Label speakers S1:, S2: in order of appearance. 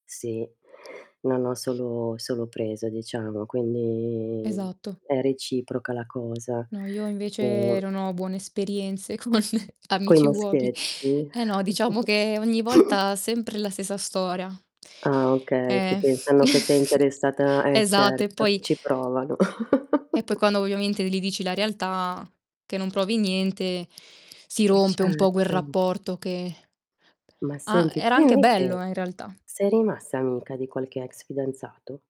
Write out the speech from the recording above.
S1: Sì, non ho solo solo preso diciamo, quindi
S2: Esatto.
S1: è reciproca la cosa.
S2: No, io invece
S1: Uhm
S2: non ho buone esperienze con
S1: Coi
S2: amici uobi
S1: maschietti.
S2: eh no, diciamo che ogni volta sempre la stessa storia.
S1: Ah okay, che
S2: Eh,
S1: pensano che sei interessata eh
S2: esatto. E
S1: certo, che
S2: poi
S1: ci provano.
S2: e poi quando ovviamente li dici la realtà, che non provi niente, si
S1: Eh
S2: rompe un po' quel
S1: certo.
S2: rapporto che
S1: Ma
S2: a
S1: senti,
S2: era
S1: tu
S2: anche bello,
S1: invece
S2: eh, in realtà.
S1: sei rimasta amica di qualche ex fidanzato?